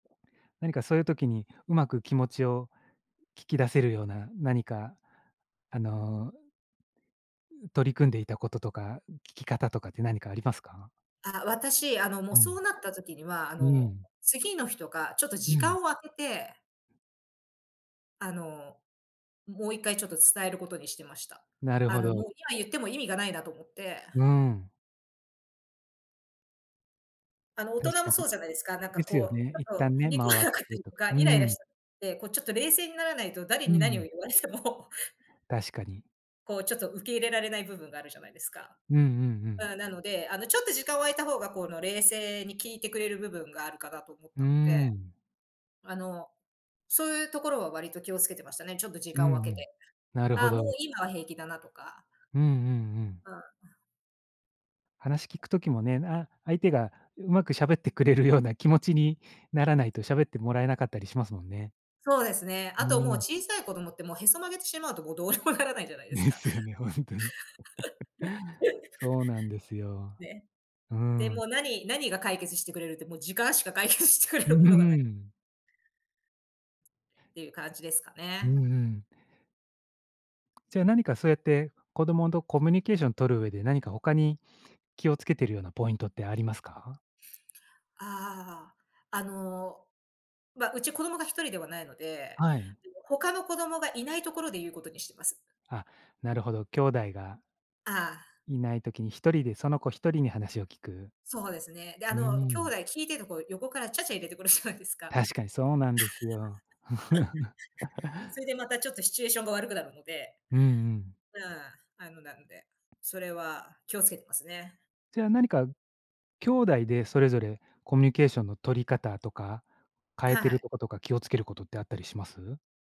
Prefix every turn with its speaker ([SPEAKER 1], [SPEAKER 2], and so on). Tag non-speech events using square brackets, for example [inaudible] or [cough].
[SPEAKER 1] 何かそういう時に、うまく気持ちを、聞き出せるような何か、あの、取り組んでいた事とか、聞き方とかって何かありますか？
[SPEAKER 2] あ私、あの、もう
[SPEAKER 1] う
[SPEAKER 2] そ
[SPEAKER 1] ん
[SPEAKER 2] うなった時には、あ
[SPEAKER 1] うー
[SPEAKER 2] の、
[SPEAKER 1] ん。
[SPEAKER 2] 次の日とか、ちょっと
[SPEAKER 1] う
[SPEAKER 2] 時間
[SPEAKER 1] ん。
[SPEAKER 2] を空けてあの、ももう一回ちょっと伝えることにしてました。
[SPEAKER 1] なる
[SPEAKER 2] あ
[SPEAKER 1] ほ
[SPEAKER 2] のもう、
[SPEAKER 1] ど。
[SPEAKER 2] 今言っても意味がないなと思って
[SPEAKER 1] うーん。
[SPEAKER 2] あの、大
[SPEAKER 1] 確
[SPEAKER 2] 人も
[SPEAKER 1] か
[SPEAKER 2] そ
[SPEAKER 1] に
[SPEAKER 2] うじゃないですか。なんか
[SPEAKER 1] ですよ
[SPEAKER 2] こ
[SPEAKER 1] ね、
[SPEAKER 2] う、
[SPEAKER 1] 一
[SPEAKER 2] ちょっと
[SPEAKER 1] 旦
[SPEAKER 2] 気
[SPEAKER 1] ね、
[SPEAKER 2] に食
[SPEAKER 1] 間を開
[SPEAKER 2] わなかった
[SPEAKER 1] けて
[SPEAKER 2] り
[SPEAKER 1] と
[SPEAKER 2] と
[SPEAKER 1] か
[SPEAKER 2] か、
[SPEAKER 1] う
[SPEAKER 2] イライラ
[SPEAKER 1] ん。
[SPEAKER 2] しちゃって、こう、ちょっと冷静にならないと誰
[SPEAKER 1] う
[SPEAKER 2] に何を
[SPEAKER 1] ん。
[SPEAKER 2] 言われても
[SPEAKER 1] 確かに。
[SPEAKER 2] こう、ちょっと受け入れられない部分があるじゃないですか？
[SPEAKER 1] うんうんう
[SPEAKER 2] あ
[SPEAKER 1] ん。
[SPEAKER 2] あ、なので、あの、ちょっと時間を空いた方が、この冷静に聞いてくれる部分があるかなと思っ
[SPEAKER 1] うー
[SPEAKER 2] たので。
[SPEAKER 1] ん。
[SPEAKER 2] あの、そういうところは割と気を付けてましたね。ちょっと時
[SPEAKER 1] う
[SPEAKER 2] 間を
[SPEAKER 1] んう
[SPEAKER 2] 空けて。
[SPEAKER 1] ん、なるほ
[SPEAKER 2] ああ、もう
[SPEAKER 1] ど。
[SPEAKER 2] 今は平気だなとか。
[SPEAKER 1] うんうんうん。
[SPEAKER 2] うん。
[SPEAKER 1] 話聞く時もね、あ相手が、上手く喋ってくれるような気持ちに、ならないと喋ってもらえなかったりしますもんね。
[SPEAKER 2] そうですね。
[SPEAKER 1] う
[SPEAKER 2] あともう、
[SPEAKER 1] ーん。
[SPEAKER 2] 小さい子供って、もうへそ曲げてしまうと、もうどうにもならないじゃないです
[SPEAKER 1] で
[SPEAKER 2] か。
[SPEAKER 1] すよね、ほんとに。[chuckles] そうなんです
[SPEAKER 2] [chuckles]
[SPEAKER 1] よ。
[SPEAKER 2] ね。
[SPEAKER 1] う
[SPEAKER 2] で、も
[SPEAKER 1] ん。
[SPEAKER 2] う、何何が解決してくれるって、もう時間しか解決してくれ
[SPEAKER 1] うー
[SPEAKER 2] るものがない
[SPEAKER 1] ん。
[SPEAKER 2] っていう感じですか
[SPEAKER 1] うん
[SPEAKER 2] ね。
[SPEAKER 1] うーん。じゃあ、何かそうやって、子供とコミュニケーション取る上で、何か他に、気をつけてるようなポイントってありますか？
[SPEAKER 2] ああ、あの、ま、うち子供が1人ではないので、
[SPEAKER 1] はい。
[SPEAKER 2] [unintelligible] 他の子供がいないところで言うことにしてます。
[SPEAKER 1] あ、なるほど、兄弟が
[SPEAKER 2] ああ。
[SPEAKER 1] いない時に、1人でその子、1人に話を聞く。
[SPEAKER 2] そうですね。で、あ
[SPEAKER 1] うー
[SPEAKER 2] の兄
[SPEAKER 1] ん。
[SPEAKER 2] 弟聞いてると、こう、横からちゃちゃ入れてくるじゃないですか。[giggles]
[SPEAKER 1] 確かに、そうなんですよ。
[SPEAKER 2] それで
[SPEAKER 1] [chuckles]
[SPEAKER 2] またちょっとシチュエーションが悪くなるので、
[SPEAKER 1] うんうん。
[SPEAKER 2] うん、あのなので、それは気をつけてますね。
[SPEAKER 1] じゃあ、何か、兄弟でそれぞれ、コミュニケーションの取り方とか、変え
[SPEAKER 2] は
[SPEAKER 1] てる
[SPEAKER 2] い。
[SPEAKER 1] とことか気を付ける事ってあったりします？